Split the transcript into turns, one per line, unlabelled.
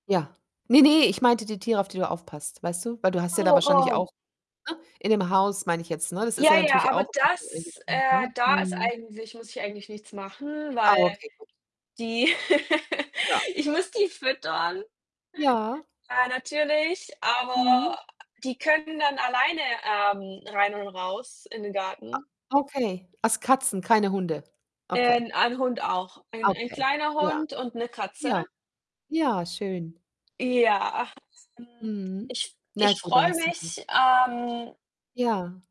Ja. Ne, ne, ich meinte die Tiere, auf die du aufpasst, weißt du? Weil du hast ja da
Oh,
wahrscheinlich
oh.
auch ne, in dem Haus, meine ich jetzt, ne, das ist
Ja,
ja
ja,
natürlich
aber
auch [unintelligible]
das,
eingeschränkt,
äh
ne?
da ist
Mhm.
eigentlich muss ich eigentlich nichts machen,
Ah,
weil
okay, gut.
die
Ja.
ich muss die füttern
Ja.
ja natürlich, aber
Mhm.
die können dann alleine, ähm, rein und raus in den
A
Garten.
okay. Also Katzen, keine Hunde.
Äh,
Okay.
'n ein Hund auch.
Ah,
Ein ein
okay.
kleiner
Ja.
Hund und 'ne Katze.
Ja. Ja, schön.
Ja, hm,
Mhm.
ich
Na
ich
gut, da
freue
hast du dann
mich, ähm
Ja.